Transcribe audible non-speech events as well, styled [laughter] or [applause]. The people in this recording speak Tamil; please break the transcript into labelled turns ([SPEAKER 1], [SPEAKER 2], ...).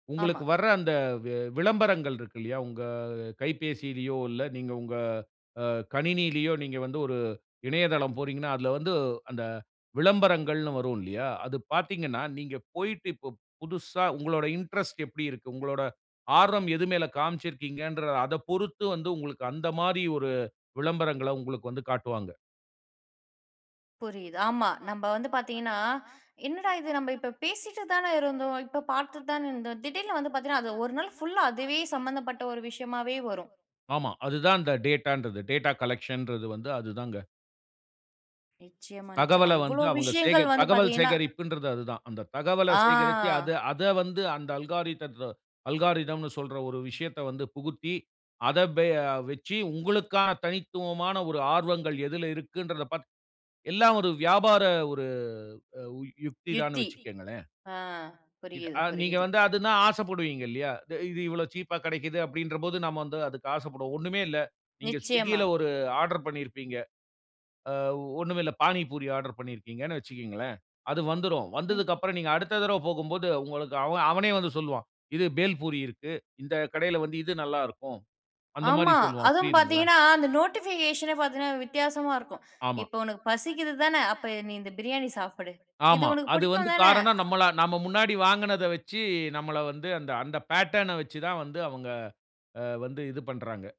[SPEAKER 1] ஆமா.
[SPEAKER 2] உங்களுக்கு வர்ற அந்த வெ விளம்பரங்கள் இருக்கு இல்லயா உங்க கைபேசியிலேயோ இல்ல நீங்க உங்க அ கணினியிலேயோ நீங்க வந்து ஒரு இணையதளம் போகிறீங்கன்னா அதில வந்து அந்த விளம்பரங்கள்ன்னு வரும் இல்லையா. அது பார்த்தீங்கன்னா நீங்க போய்ட்டு இப்ப புதுசா உங்களோட இன்ட்ரெஸ்ட் எப்படி இருக்கு. உங்களோட ஆர்வம் எது மேல் காமிச்சுருக்கீங்கற அதைப் பொறுத்து வந்து உங்களுக்கு அந்த மாதிரி ஒரு விளம்பரங்கள்ல உங்களுக்கு வந்து காட்டுவாங்க.
[SPEAKER 1] புரியுது ஆமா நம்ம வந்து பார்த்தீங்கன்னா, [inhales] என்னடா இது நம்ம இப்ப பேசிட்டு தான இருந்தோம். இப்போ பார்த்துட்டு தானே இருந்தோம். திடீர்ன்னு வந்து பார்த்தீங்கன்னா அது ஒரு நாள் புல்லா அதுவே சம்மந்தப்பட்ட ஒரு விஷயமாவே வரும்.
[SPEAKER 2] ஆமா. அதுதான் இந்த டேட்டா ன்றது, டேட்டா கலெக்ஷன் றது வந்து அது தான்ங்க.
[SPEAKER 1] நிச்சயமா, நிச்சயமா
[SPEAKER 2] தகவல வந்து
[SPEAKER 1] இவ்வளவு
[SPEAKER 2] அவுங்க சேக
[SPEAKER 1] விஷயங்கள் வந்து
[SPEAKER 2] தகவல்
[SPEAKER 1] பார்த்தீங்கன்னா
[SPEAKER 2] சேகரிப்புன்றது அது தான். அந்த தகவல சேகரிச்சு அது
[SPEAKER 1] ஆ.
[SPEAKER 2] அத வந்து அந்த அல்கோரித்ம் அல்காரிதம் ன்னு சொல்ற ஒரு விஷயத்த வந்து புகுத்தி அத பே வச்சு உங்களுக்கான தனித்துவமான ஒரு ஆர்வங்கள் எதில இருக்குன்றத பார்த்து எல்லா ஒரு வியாபார ஒரு யுக்தி தான்னு
[SPEAKER 1] யுத்தி,
[SPEAKER 2] வச்சுக்கங்களேன்.
[SPEAKER 1] ஆ
[SPEAKER 2] இது
[SPEAKER 1] புரியுது,
[SPEAKER 2] நீங்க
[SPEAKER 1] புரியுது.
[SPEAKER 2] வந்து அதுனா ஆசைப்படுவீங்க இல்லையா? இது இவ்வளவு சீப்பா கெடைக்குது அப்படின்ற போது நம்ம வந்து அதுக்கு ஆசைப்படுவோம். ஒன்னுமே இல்ல. நீங்க
[SPEAKER 1] நிச்சயமா.
[SPEAKER 2] swiggyல ஒரு ஆர்டர் பண்ணியிருப்பீங்க. ஆ ஒன்னுமே இல்லை. பானி பூரி ஆர்டர் பண்ணியிருக்கீங்கன்னு வச்சுகங்களேன். அது வந்துரும்.
[SPEAKER 1] ம்.
[SPEAKER 2] வந்ததுக்கு அப்புறம் நீங்க அடுத்த தடவ போகும்போது உங்களுக்கு அவ அவனே வந்து சொல்வான். இது பேல் பூரி இருக்கு. இந்த கடையில் வந்து இது நல்லா இருக்கும். அந்த மாதிரி
[SPEAKER 1] ஆமா
[SPEAKER 2] சொல்வான்.
[SPEAKER 1] அதுவும்
[SPEAKER 2] புரியுதுங்களா?
[SPEAKER 1] பார்த்தீங்கன்னா அந்த நோட்டிபிகேஷன்னே பார்த்தீங்கன்னா வித்தியாசமா இருக்கும். [inhales]
[SPEAKER 2] ஆமா.
[SPEAKER 1] இப்போ உனக்கு பசிக்கிது தான, அப்ப நீ இந்த பிரியாணி சாப்பிடு. இது
[SPEAKER 2] ஆமா.
[SPEAKER 1] உனக்கு
[SPEAKER 2] அது வந்து
[SPEAKER 1] பிடிக்கும் தானே.
[SPEAKER 2] காரணம் நம்ல நாம முன்னாடி வாங்குனத வச்சு நம்மல வந்து அந்த அந்த பேட்டர்ன வச்சு தான் வந்து அவங்க வந்து இது பண்றாங்க.